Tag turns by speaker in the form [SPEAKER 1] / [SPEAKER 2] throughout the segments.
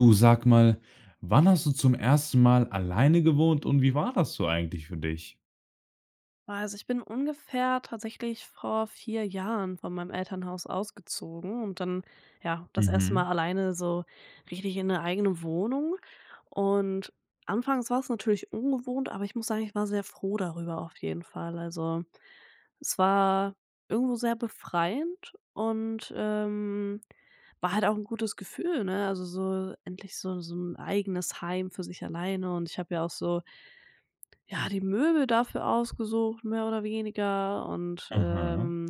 [SPEAKER 1] Du, sag mal, wann hast du zum 1. Mal alleine gewohnt und wie war das so eigentlich für dich?
[SPEAKER 2] Oh, also, ich bin ungefähr tatsächlich vor 4 Jahren von meinem Elternhaus ausgezogen und dann, ja, das 1.
[SPEAKER 1] Mhm.
[SPEAKER 2] Mal alleine so richtig in 'ne eigene Wohnung und anfangs war's natürlich ungewohnt, aber ich muss sagen, ich war sehr froh darüber, auf jeden Fall. Also, es war irgendwo sehr befreiend und, ähm, war halt auch 'n gutes Gefühl, ne, also so endlich so so 'n eigenes Heim für sich alleine und ich habe ja auch so ja, die Möbel dafür ausgesucht, mehr oder weniger, und,
[SPEAKER 1] Aha.
[SPEAKER 2] ähm,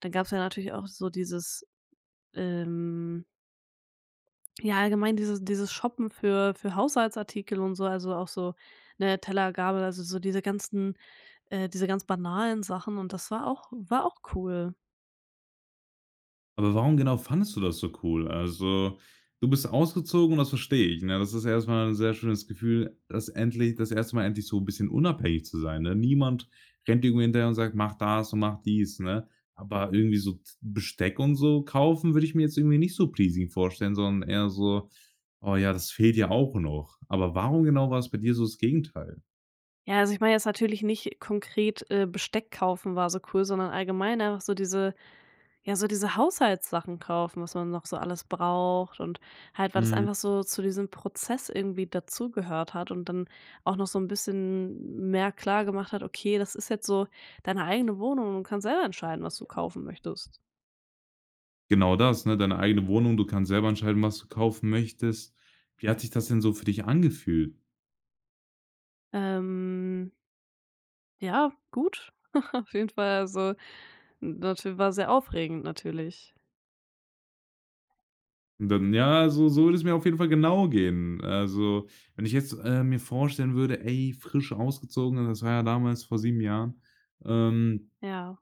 [SPEAKER 2] dann gab's ja natürlich auch so dieses, ähm ja, allgemein dieses dieses Shoppen für für Haushaltsartikel und so, also, auch so, ne, Teller, Gabel, also so diese ganzen äh, diese ganz banalen Sachen und das war auch war auch cool.
[SPEAKER 1] Aber warum genau fandest du das so cool? Also, du bist ausgezogen, das verstehe ich, ne, das ist erstmal 'n sehr schönes Gefühl, dass endlich das 1. Mal endlich so 'n bisschen unabhängig zu sein, ne? Niemand rennt dir irgendwie hinterher und sagt: „Mach das und mache dies“, ne, aber
[SPEAKER 2] Mhm.
[SPEAKER 1] irgendwie so Besteck und so kaufen würde ich mir jetzt irgendwie nicht so pleasing vorstellen, sondern eher so: „Oh ja, das fehlt ja auch noch.“ Aber warum genau war's bei dir so das Gegenteil?
[SPEAKER 2] Ja, also, ich meine jetzt natürlich nicht konkret, äh, Besteck kaufen war so cool, sondern allgemein auch so diese ja, so diese Haushaltssachen kaufen, was man noch so alles braucht und halt, weil das
[SPEAKER 1] Mhm.
[SPEAKER 2] einfach so zu diesem Prozess irgendwie dazugehört hat und dann auch noch so 'n bisschen mehr klar gemacht hat: „Okay, das ist jetzt so deine eigene Wohnung und du kannst selber entscheiden, was du kaufen möchtest.”
[SPEAKER 1] Genau, das, ne, deine eigene Wohnung. Du kannst selber entscheiden, was du kaufen möchtest. Wie hat sich das denn so für dich angefühlt?
[SPEAKER 2] Ähm ja, gut, auf jeden Fall, also, m [unintelligible] war sehr aufregend, natürlich.
[SPEAKER 1] Dann ja, so so würde es mir auf jeden Fall genau gehen, also, wenn ich jetzt, äh, mir vorstellen würde: „Ey, frisch ausgezogen”, und das war ja damals vor 7 Jahren, ähm
[SPEAKER 2] Ja.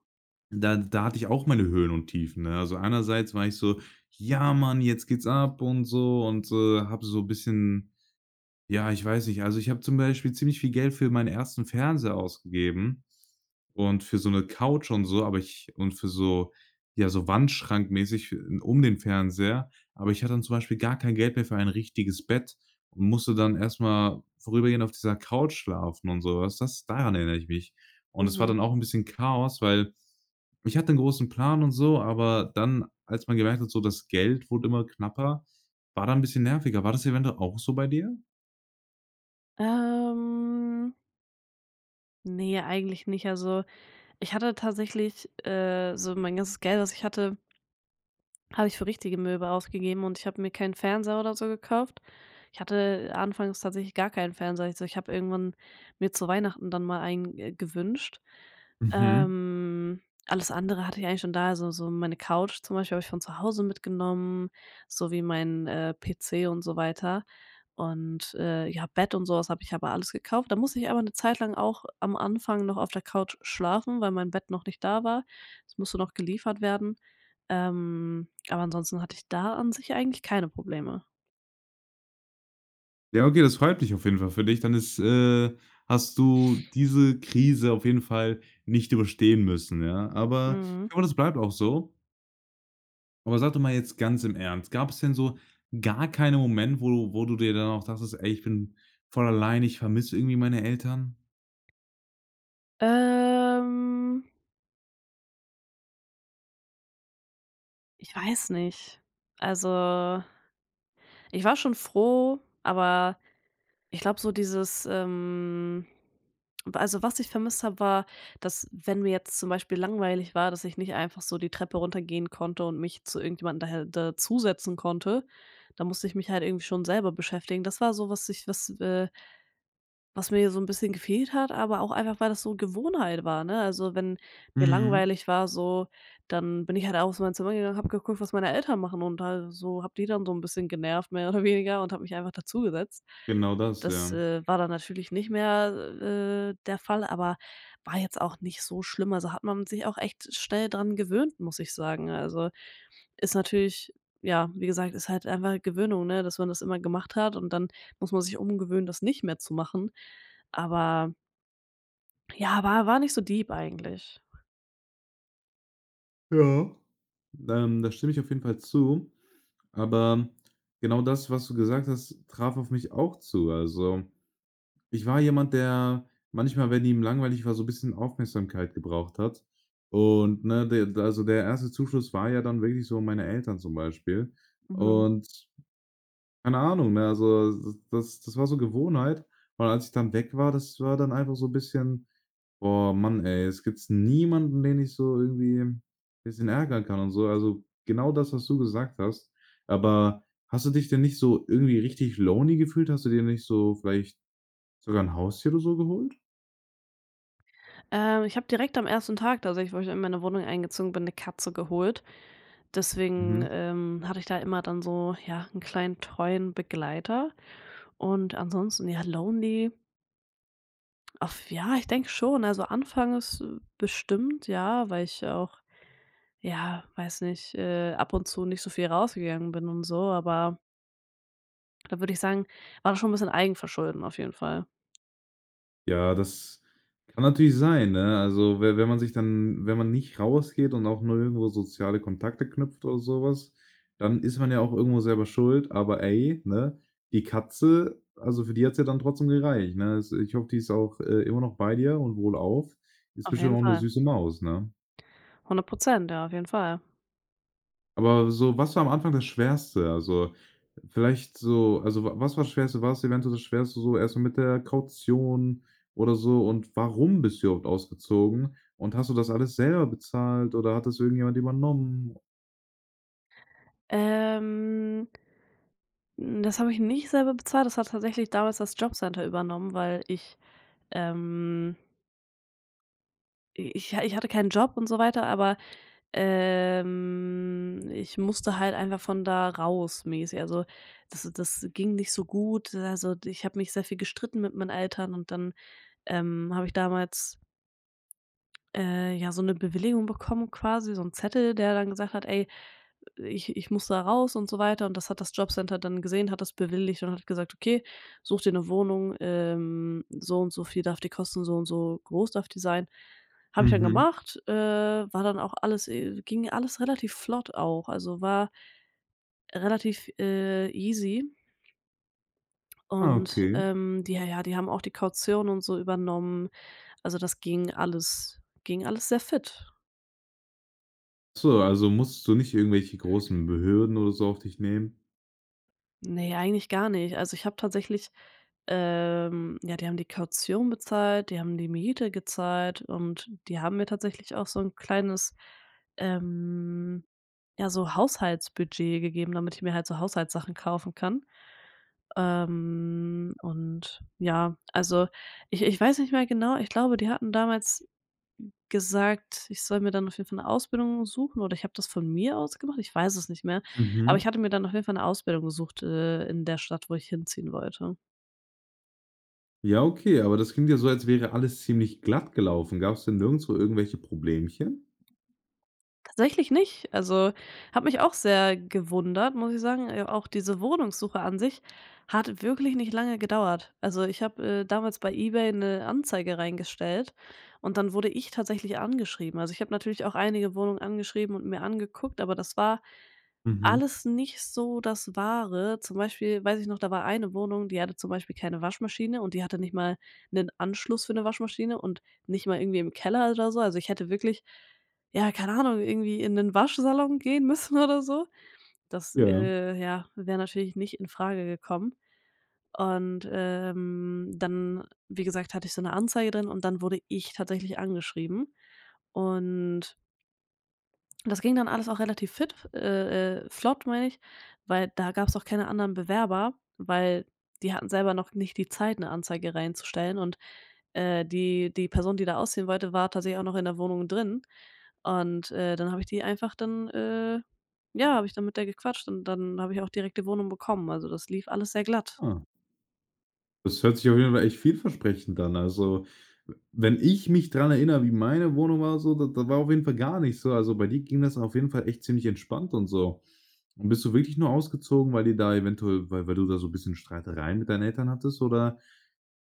[SPEAKER 1] da da hatte ich auch meine Höhen und Tiefen, ne? Also, einerseits war ich so: „Ja, Mann, jetzt geht's ab und so” und, äh, habe so bisschen ja, ich weiß nicht, also, ich habe zum Beispiel ziemlich viel Geld für meinen 1. Fernseher ausgegeben und für so 'ne Couch und so, aber ich und für so ja, so wandschrankmäßig, äh, um den Fernseher, aber ich hatte dann zum Beispiel gar kein Geld mehr für ein richtiges Bett und musste dann erstmal vorübergehend auf dieser Couch schlafen und sowas. Das daran erinnere ich mich und das war
[SPEAKER 2] Mhm.
[SPEAKER 1] dann auch 'n bisschen Chaos, weil ich hatte 'n großen Plan und so, aber dann, als man gemerkt hat, so, das Geld wurde immer knapper, war da 'n bisschen nerviger. War das eventuell auch so bei dir?
[SPEAKER 2] Ähm ne, eigentlich nicht. Also, ich hatte tatsächlich, äh so mein ganzes Geld, was ich hatte habe ich für richtige Möbel ausgegeben. Und ich habe mir keinen Fernseher oder so gekauft. Ich hatte anfangs tatsächlich gar keinen Fernseher. Also, ich habe irgendwann mir zu Weihnachten dann mal einen, äh, gewünscht.
[SPEAKER 1] Mhm.
[SPEAKER 2] Ähm, alles andere hatte ich eigentlich schon da. Also, so meine Couch zum Beispiel habe ich von zu Hause mitgenommen. So wie mein, äh, PC und so weiter und, äh, ja, Bett und sowas habe ich aber alles gekauft. Da musste ich aber 'ne Zeit lang auch am Anfang noch auf der Couch schlafen, weil mein Bett noch nicht da war. Das musste noch geliefert werden, ähm, aber ansonsten hatte ich da an sich eigentlich keine Probleme.
[SPEAKER 1] Ja, okay. Das freut mich auf jeden Fall für dich. Dann ist äh, hast du diese Krise auf jeden Fall nicht überstehen müssen, ja, aber
[SPEAKER 2] Mhm.
[SPEAKER 1] ich hoffe, das bleibt auch so. Aber sag doch mal jetzt ganz im Ernst gab es denn so gar keinen Moment, wo du, wo du dir dann auch dachtest: „Ey, ich bin voll allein, ich vermisse irgendwie meine Eltern?“
[SPEAKER 2] Ähm ich weiß nicht. Also, ich war schon froh, aber ich glaube so dieses, ähm also, was ich vermisst habe, war, dass, wenn mir jetzt zum Beispiel langweilig war, dass ich nicht einfach so die Treppe runtergehen konnte und mich zu irgendjemandem da da dazusetzen konnte. Da musste ich mich halt irgendwie schon selber beschäftigen. Das war so, was ich was, äh was mir so 'n bisschen gefehlt hat. Aber auch einfach, weil das so Gewohnheit war, ne, also, wenn mir
[SPEAKER 1] Mhm.
[SPEAKER 2] langweilig war, so, dann bin ich halt aus meinem Zimmer gegangen und habe geguckt, was meine Eltern machen. Und da so habe die dann so 'n bisschen genervt, mehr oder weniger und habe mich einfach dazugesetzt.
[SPEAKER 1] Genau das,
[SPEAKER 2] Das,
[SPEAKER 1] ja.
[SPEAKER 2] äh, war dann natürlich nicht mehr, äh, der Fall, aber war jetzt auch nicht so schlimm, also, hat man sich auch echt schnell dran gewöhnt, muss ich sagen. Also, ist natürlich ja, wie gesagt, ist halt einfach Gewöhnung, ne, dass man das immer gemacht hat. Und dann muss man sich umgewöhnen, das nicht mehr zu machen, aber ja, war war nicht so deep eigentlich.
[SPEAKER 1] Ja, ähm, da stimme ich auf jeden Fall zu. Aber genau das, was du gesagt hast, traf auf mich auch zu, also, ich war jemand, der manchmal, wenn ihm langweilig war, so bisschen Aufmerksamkeit gebraucht hat. Und, ne, de d also, der 1. Zuschuss war ja dann wirklich so meine Eltern zum Beispiel
[SPEAKER 2] Mhm.
[SPEAKER 1] und keine Ahnung, ne? Also, s das das war so Gewohnheit. Und als ich dann weg war, das war dann einfach so bisschen: „Oh Mann, ey, jetzt gibt's niemanden, den ich so irgendwie bisschen ärgern kann und so“, also, genau das, was du gesagt hast. Aber hast du dich denn nicht so irgendwie richtig lonely gefühlt? Hast du dir nicht so, vielleicht sogar 'n Haustier oder so geholt?
[SPEAKER 2] Ähm, ich habe direkt am 1. Tag da, so ich wo ich in meine Wohnung eingezogen bin, 'ne Katze geholt. Deswegen,
[SPEAKER 1] Mhm.
[SPEAKER 2] ähm, hatte ich da immer dann so ja, 'n kleinen treuen Begleiter und ansonsten, ja lonely? Auf ja, ich denke schon. Also, anfangs, äh, bestimmt, ja, weil ich ja auch ja, weiß nicht, äh, ab und zu nicht so viel rausgegangen bin und so, aber Da würde ich sagen, war das schon 'n bisschen Eigenverschulden auf jeden Fall.
[SPEAKER 1] Ja, das kann natürlich sein, ne? Also, we wenn man sich dann wenn man nicht rausgeht und auch 0 irgendwo soziale Kontakte knüpft oder sowas, dann ist man ja auch irgendwo selber schuld. Aber ey, ne, die Katze, also für die hat's ja dann trotzdem gereicht, ne? Also ich hoffe, die ist auch, äh, immer noch bei dir und wohlauf. Ist
[SPEAKER 2] Auf
[SPEAKER 1] bestimmt
[SPEAKER 2] jeden
[SPEAKER 1] auch 'ne
[SPEAKER 2] Fall.
[SPEAKER 1] süße Maus, ne?
[SPEAKER 2] 100%, ja, auf jeden Fall.
[SPEAKER 1] Aber so was war am Anfang das Schwerste? Also, vielleicht so also wa was war das Schwerste? War es eventuell das Schwerste so erstmal mit der Kaution oder so und warum bist du überhaupt ausgezogen und hast du das alles selber bezahlt oder hat das irgendjemand übernommen?
[SPEAKER 2] Ähm das habe ich nicht selber bezahlt. Das hat tatsächlich damals das Jobcenter übernommen, weil ich, ähm i ich ich hatte keinen Job und so weiter, aber, ähm, ich musste halt einfach von da raus, mäßig. Also das das ging nicht so gut, also, ich habe mich sehr viel gestritten mit meinen Eltern. Und dann, ähm, habe ich damals äh, ja, so 'ne Bewilligung bekommen. Quasi so 'n Zettel, der dann gesagt hat: „Ey, ich ich muss da raus“, und so weiter. Und das hat das Jobcenter dann gesehen. Hat das bewilligt und hat gesagt: „Okay, such dir 'ne Wohnung. Ähm, so und so viel darf die Kosten und so und so groß darf die sein.“ Habe ich dann
[SPEAKER 1] Mhm.
[SPEAKER 2] gemacht. Äh, war dann auch alles äh, ging alles relativ flott auch. Also war relativ, äh, easy
[SPEAKER 1] Ah,
[SPEAKER 2] Und,
[SPEAKER 1] okay.
[SPEAKER 2] ähm, die ja, die haben auch die Kaution und so übernommen. Also, das ging alles, ging alles sehr fit.
[SPEAKER 1] So, also, musstest du nicht irgendwelche großen Be Hürden oder so auf dich nehmen?
[SPEAKER 2] Ne, eigentlich gar nicht. Also, ich habe tatsächlich ähm ja, die haben die Kaution bezahlt, die haben die Miete gezahlt und die haben mir tatsächlich auch so 'n kleines, ähm ja, so Haushaltsbudget gegeben, damit ich mir halt so Haushaltssachen kaufen kann. Ähm, und ja also, ich ich weiß nicht mehr genau. Ich glaube, die hatten damals gesagt, ich soll mir dann auf jeden Fall 'ne Ausbildung suchen oder ich habe das von mir aus gemacht, ich weiß es nicht mehr. Aber ich
[SPEAKER 1] Mhm.
[SPEAKER 2] hatte mir dann auf jeden Fall 'ne Ausbildung gesucht, äh, in der Stadt, wo ich hinziehen wollte.
[SPEAKER 1] Ja, okay, aber das klingt ja so, als wäre alles ziemlich glatt gelaufen. Gab's denn nirgendswo irgendwelche Problemchen?
[SPEAKER 2] Tatsächlich nicht. Also, hat mich auch sehr gewundert, muss ich sagen. Äh, auch diese Wohnungssuche an sich hat wirklich nicht lange gedauert. Also, ich habe, äh, damals bei eBay 'ne Anzeige reingestellt und dann wurde ich tatsächlich angeschrieben. Also, ich habe natürlich auch einige Wohnungen angeschrieben und mir angeguckt, aber das war
[SPEAKER 1] Mhm.
[SPEAKER 2] alles nicht so das Wahre. Zum Beispiel weiß ich noch, da war eine Wohnung, die hatte zum Beispiel keine Waschmaschine. Und die hatte nicht mal 'nen Anschluss für 'ne Waschmaschine und nicht mal irgendwie im Keller oder so. Also, ich hätte wirklich ja, keine Ahnung, irgendwie in 'nen Waschsalon gehen müssen oder so. Das,
[SPEAKER 1] Ja.
[SPEAKER 2] äh, ja, wäre natürlich nicht in Frage gekommen. Und, ähm, dann, wie gesagt, hatte ich so 'ne Anzeige drin. Und dann wurde ich tatsächlich angeschrieben und das ging dann alles auch relativ fit äh äh, flott, meine ich, weil da gab's auch keine anderen Bewerber, weil die hatten selber noch nicht die Zeit, 'ne Anzeige reinzustellen. Und, äh, die die Person, die da ausziehen wollte, war tatsächlich auch noch in der Wohnung drin. Und, äh, dann habe ich die einfach dann äh, ja, habe ich dann mit der gequatscht und dann habe ich auch direkt die Wohnung bekommen, also, das lief alles sehr glatt.
[SPEAKER 1] Ah. Das hört sich auf jeden Fall echt vielversprechend an. Also, wenn ich mich daran erinnere, wie meine Wohnung war so, da da war auf jeden Fall gar nicht so, also, bei dir ging das auf jeden Fall echt ziemlich entspannt und so. Und bist du wirklich nur ausgezogen, weil die da eventuell weil weil du da so 'n bisschen Streitereien mit deinen Eltern hattest, oder?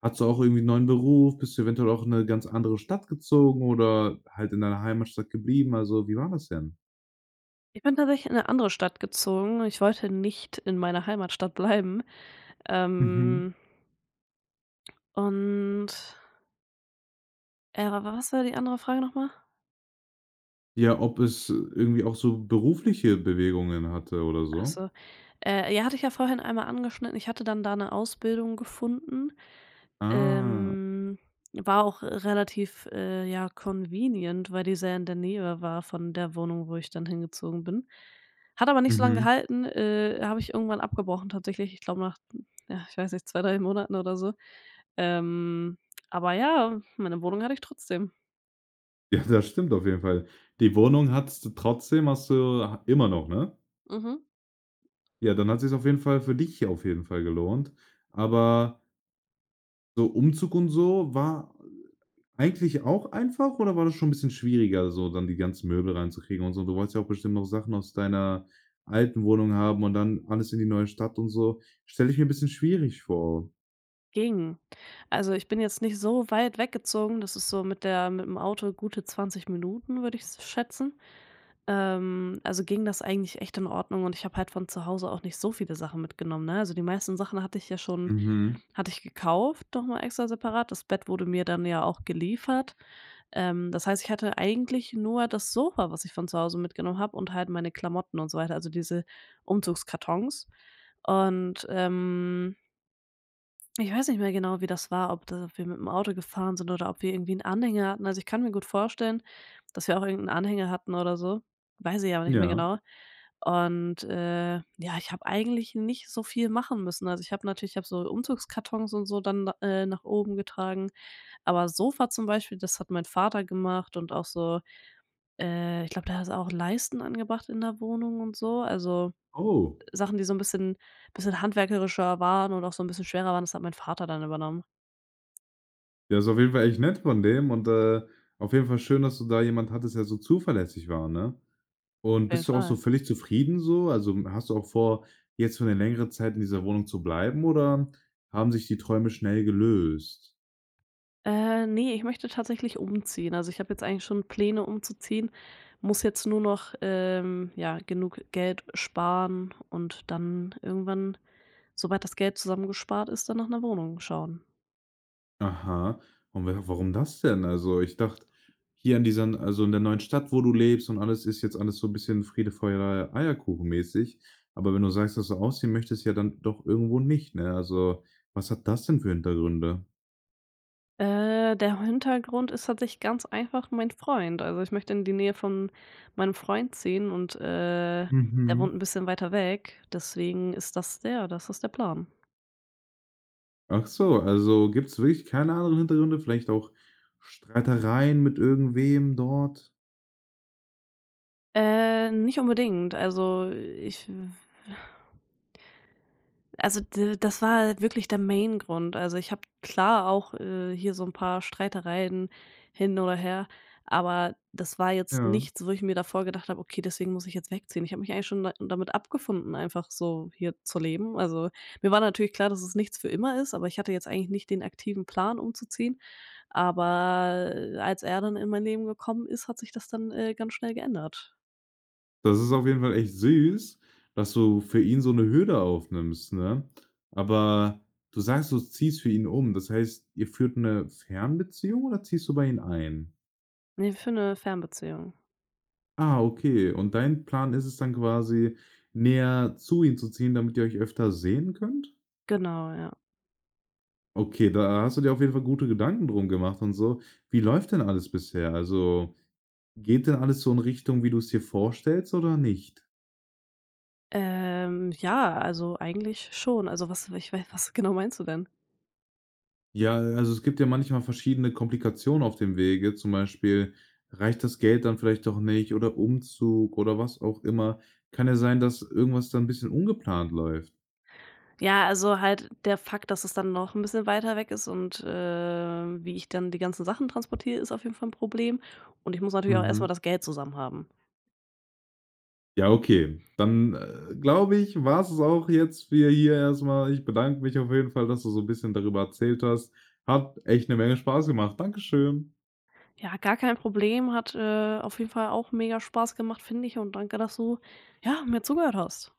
[SPEAKER 1] Hattest du auch irgendwie 'n neuen Beruf? Bist du eventuell auch in 'ne ganz andere Stadt gezogen oder halt in deiner Heimatstadt geblieben? Also, wie war das denn?
[SPEAKER 2] Ich bin tatsächlich in 'ne andere Stadt gezogen. Ich wollte nicht in meiner Heimatstadt bleiben.
[SPEAKER 1] Mhm.
[SPEAKER 2] Ähm und äh, wa was war die andere Frage nochmal?
[SPEAKER 1] Ja, ob es, äh, irgendwie auch so berufliche Bewegungen hatte oder
[SPEAKER 2] Ach
[SPEAKER 1] so?
[SPEAKER 2] so. Äh, ja, hatte ich ja vorhin einmal angeschnitten. Ich hatte dann da 'ne Ausbildung gefunden,
[SPEAKER 1] Ah.
[SPEAKER 2] ähm war auch relativ, äh, ja, convenient, weil die sehr in der Nähe war von der Wohnung, wo ich dann hingezogen bin. Hat aber nicht so lange
[SPEAKER 1] Mhm.
[SPEAKER 2] gehalten, äh, habe ich irgendwann abgebrochen, tatsächlich. Ich glaube nach hm, ach, ich weiß nicht, 2, 3 Monaten oder so. Ähm, aber ja, meine Wohnung hatte ich trotzdem.
[SPEAKER 1] Ja, das stimmt auf jeden Fall. Die Wohnung hattest du trotzdem, hast du ha immer noch, ne?
[SPEAKER 2] Mhm.
[SPEAKER 1] Ja, dann hat sich's auf jeden Fall für dich ja auf jeden Fall gelohnt, aber so Umzug und so war, äh, eigentlich auch einfach, oder war das schon bisschen schwieriger, so, dann die ganzen Möbel reinzukriegen und so? Du wolltest ja auch bestimmt noch Sachen aus deiner alten Wohnung haben und dann alles in die neue Stadt und so, stelle ich mir bisschen schwierig vor.
[SPEAKER 2] Ging. Also, ich bin jetzt nicht so weit weggezogen. Das ist so mit der mit’m Auto gute 20 Minuten, würde ich s schätzen. Ähm, also, ging das eigentlich echt in Ordnung. Und ich habe halt von zu Hause auch nicht so viele Sachen mitgenommen, ne? Also, die meisten Sachen hatte ich ja schon
[SPEAKER 1] Mhm.
[SPEAKER 2] hatte ich gekauft, doch noch extra separat. Das Bett wurde mir dann ja auch geliefert. Ähm, das heißt, ich hatte eigentlich nur das Sofa, was ich von zu Hause mitgenommen habe. Und halt meine Klamotten und so weiter. Also, diese Umzugskartons und, ähm ich weiß nicht mehr genau, wie das war. Ob da wir mit’m Auto gefahren sind oder ob wir irgendwie 'n Anhänger hatten. Also, ich kann mir gut vorstellen, dass wir auch irgend 'n Anhänger hatten oder so, weiß ich aber nicht mehr
[SPEAKER 1] Ja.
[SPEAKER 2] genau. Und, äh, ja, ich habe eigentlich nicht so viel machen müssen. Also, ich habe natürlich ich habe so Umzugskartons und so dann da äh, nach oben getragen. Aber Sofa zum Beispiel, das hat mein Vater gemacht. Und auch so, äh ich glaube, der hat auch Leisten angebracht in der Wohnung und so, also
[SPEAKER 1] Oh.
[SPEAKER 2] Sachen, die so 'n bisschen bisschen handwerklicher waren und auch so 'n bisschen schwerer waren. Das hat mein Vater dann übernommen.
[SPEAKER 1] Ja, ist auf jeden Fall echt nett von dem. Und, äh, auf jeden Fall schön, dass du da jemanden hattest, der so zuverlässig war, ne? Und
[SPEAKER 2] Auf jeden
[SPEAKER 1] bist du auch so
[SPEAKER 2] Fall.
[SPEAKER 1] völlig zufrieden so? Also, hast du auch vor, jetzt für 'ne längere Zeit in dieser Wohnung zu bleiben? Oder haben sich die Träume schnell gelöst?
[SPEAKER 2] Äh, ne, ich möchte tatsächlich umziehen. Also, ich habe jetzt eigentlich schon Pläne umzuziehen. Muss jetzt nur noch, ähm ja, genug Geld sparen. Und dann irgendwann, sobald das Geld zusammengespart ist, dann nach 'ner Wohnung schauen.
[SPEAKER 1] Aha. Und wa warum das denn? Also, ich dachte, hier in diesen also in der neuen Stadt, wo du lebst und alles, ist jetzt alles so 'n bisschen Friede, Freude, Eierkuchen mäßig, aber wenn du sagst, dass du ausziehen möchtest ja dann doch irgendwo nicht, ne? Also, was hat das denn für Hintergründe?
[SPEAKER 2] Äh, der Hintergrund ist tatsächlich ganz einfach mein Freund. Also, ich möchte in die Nähe von meinem Freund ziehen. Und, äh, der wohnt
[SPEAKER 1] Mhm.
[SPEAKER 2] 'n bisschen weiter weg. Deswegen ist das ja, das ist der Plan.
[SPEAKER 1] Ach so, also, gibt's wirklich keine anderen Hintergründe, vielleicht auch Streitereien mit irgendwem dort?
[SPEAKER 2] Äh, nicht unbedingt. Also, ich Also, d das war wirklich der Main Grund. Also, ich habe klar auch, äh, hier so 'n paar Streitereien hin oder her. Aber das war jetzt
[SPEAKER 1] Ja.
[SPEAKER 2] nichts, wo ich mir davor gedacht habe: „Okay, deswegen muss ich jetzt wegziehen.“ Ich habe mich eigentlich schon da damit abgefunden, einfach so hier zu leben. Also, mir war natürlich klar, dass es nichts für immer ist. Aber ich hatte jetzt eigentlich nicht den aktiven Plan umzuziehen, aber, äh, als er dann in mein Leben gekommen ist, hat sich das dann, äh, ganz schnell geändert.
[SPEAKER 1] Das ist auf jeden Fall echt süß, dass du für ihn so 'ne Hürde aufnimmst, ne? Aber, du sagst, du ziehst für ihn um. Das heißt, ihr führt 'ne Fernbeziehung oder ziehst du bei ihm ein?
[SPEAKER 2] Ne, wir führen 'ne Fernbeziehung.
[SPEAKER 1] Ah, okay, und dein Plan ist es dann quasi, näher zu ihm zu ziehen, damit ihr euch öfter sehen könnt?
[SPEAKER 2] Genau, ja.
[SPEAKER 1] Okay, da hast du dir auf jeden Fall gute Gedanken drum gemacht und so. Wie läuft denn alles bisher? Also, geht da alles so in Richtung, wie du’s dir vorstellst oder nicht?
[SPEAKER 2] Ähm, ja, also, eigentlich schon. Also, was ich wei was genau meinst du denn?
[SPEAKER 1] Ja, äh, also, es gibt ja manchmal verschiedene Komplikationen auf dem Wege, zum Beispiel, reicht das Geld dann vielleicht doch nicht, oder Umzug, oder was auch immer. Kann ja sein, dass irgendwas dann 'n bisschen ungeplant läuft.
[SPEAKER 2] Ja, also halt der Fakt, dass es dann noch 'n bisschen weiter weg ist. Und, äh, wie ich dann die ganzen Sachen transportiere, ist auf jeden Fall 'n Problem. Und ich muss natürlich auch erst mal
[SPEAKER 1] Mhm.
[SPEAKER 2] das Geld zusammen haben.
[SPEAKER 1] Ja, okay. Dann, äh, glaube ich, war 's es auch jetzt für hier erstmal. Ich bedanke mich auf jeden Fall, dass du so 'n bisschen darüber erzählt hast. Hat echt 'ne Menge Spaß gemacht. Dankeschön.
[SPEAKER 2] Ja, gar kein Problem, hat, äh, auf jeden Fall auch Mega-Spaß gemacht, finde ich. Und danke, dass du, ja, mir zugehört hast.